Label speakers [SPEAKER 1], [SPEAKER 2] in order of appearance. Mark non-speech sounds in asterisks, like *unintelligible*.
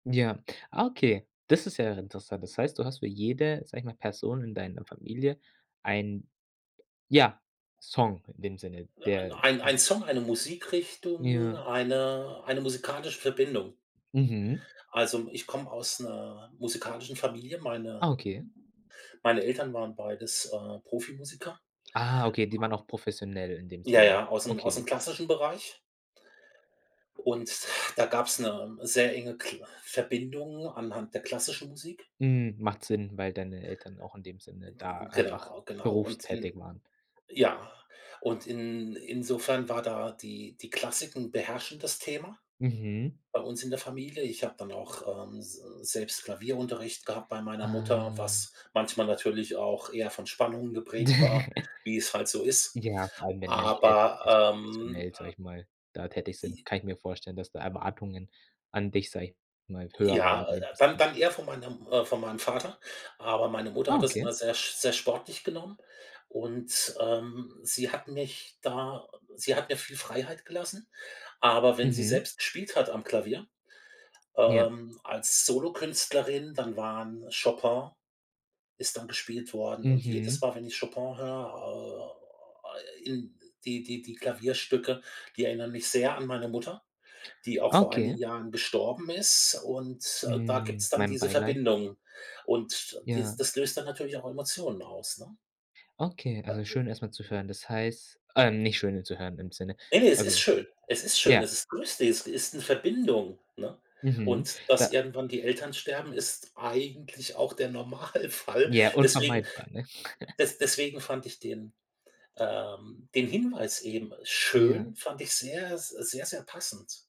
[SPEAKER 1] Ja, ah, okay, das ist ja interessant. Das heißt, du hast für jede, sage ich mal, Person in deiner Familie einen, ja, Song in dem Sinne, der
[SPEAKER 2] Ein
[SPEAKER 1] n
[SPEAKER 2] ein Song, eine Musikrichtung,
[SPEAKER 1] Ja.
[SPEAKER 2] eine eine musikalische Verbindung.
[SPEAKER 1] Mhm.
[SPEAKER 2] Also, ich komme aus 'ner musikalischen Familie,
[SPEAKER 1] Ah,
[SPEAKER 2] meine
[SPEAKER 1] okay.
[SPEAKER 2] meine Eltern waren beides, äh, Profimusiker.
[SPEAKER 1] Ah, okay, die waren auch professionell in dem
[SPEAKER 2] Ja,
[SPEAKER 1] Sinne.
[SPEAKER 2] ja, aus'm aus'm
[SPEAKER 1] Okay.
[SPEAKER 2] klassischen Bereich. Und da gab's 'ne sehr enge kl Verbindung anhand der klassischen Musik.
[SPEAKER 1] Mhm, macht Sinn, weil deine Eltern auch in dem Sinne da einfach
[SPEAKER 2] Genau, genau und
[SPEAKER 1] berufstätig
[SPEAKER 2] in
[SPEAKER 1] waren.
[SPEAKER 2] ja, und in insofern war da die die Klassik 'n beherrschendes Thema
[SPEAKER 1] Mhm.
[SPEAKER 2] bei uns in der Familie. Ich habe dann auch, ähm, s selbst Klavierunterricht gehabt bei meiner Mutter,
[SPEAKER 1] Ah.
[SPEAKER 2] was manchmal natürlich auch eher von Spannungen geprägt war,
[SPEAKER 1] *chuckles*
[SPEAKER 2] wie es halt so ist.
[SPEAKER 1] Ja, vor allem, wenn dann die Eltern
[SPEAKER 2] Aber, ähm
[SPEAKER 1] professionell, sage ich mal, da tätig sind,
[SPEAKER 2] I
[SPEAKER 1] kann ich mir vorstellen, dass da Erwartungen an dich, sage ich mal, höher
[SPEAKER 2] Ja,
[SPEAKER 1] waren in
[SPEAKER 2] äh, d
[SPEAKER 1] dem
[SPEAKER 2] dann
[SPEAKER 1] Sinn.
[SPEAKER 2] dann eher von meiner äh, von meinem Vater. Aber meine Mutter
[SPEAKER 1] Ah,
[SPEAKER 2] hat das
[SPEAKER 1] okay.
[SPEAKER 2] immer sehr sch sehr sportlich genommen und, ähm, sie hat mich da, äh sie hat mir viel Freiheit gelassen. Aber wenn sie
[SPEAKER 1] Mhm.
[SPEAKER 2] selbst gespielt hat am Klavier,
[SPEAKER 1] Ja.
[SPEAKER 2] ähm, als Solokünstlerin, dann waren Chopin ist dann gespielt worden und jedes
[SPEAKER 1] Mhm.
[SPEAKER 2] Mal, wenn ich Chopin höre, äh, in die die die Klavierstücke, die erinnern mich sehr an meine Mutter, die auch vor einigen
[SPEAKER 1] Okay.
[SPEAKER 2] Jahren gestorben ist und, äh, da
[SPEAKER 1] Mm,
[SPEAKER 2] gibt's dann
[SPEAKER 1] mein
[SPEAKER 2] diese
[SPEAKER 1] Beileid.
[SPEAKER 2] Verbindung und dies
[SPEAKER 1] Ja.
[SPEAKER 2] das löst dann natürlich auch Emotionen aus, ne?
[SPEAKER 1] Okay, also,
[SPEAKER 2] *unintelligible*
[SPEAKER 1] schön, erst mal zu hören. Das heißt äh, nicht schön, zu hören im Sinne
[SPEAKER 2] Ne, ne, es ist
[SPEAKER 1] Also
[SPEAKER 2] schön. Es ist schön, es
[SPEAKER 1] ja.
[SPEAKER 2] ist lustig, es ist 'ne Verbindung, ne?
[SPEAKER 1] Mhm,
[SPEAKER 2] Und dass
[SPEAKER 1] da
[SPEAKER 2] irgendwann die Eltern sterben, ist eigentlich auch der Normalfall.
[SPEAKER 1] Ja,
[SPEAKER 2] Deswegen
[SPEAKER 1] unvermeidbar, ne? *chuckles*
[SPEAKER 2] des deswegen fand ich den, ähm den Hinweis eben
[SPEAKER 1] Ja.
[SPEAKER 2] schön, fand ich sehr, s sehr, sehr passend.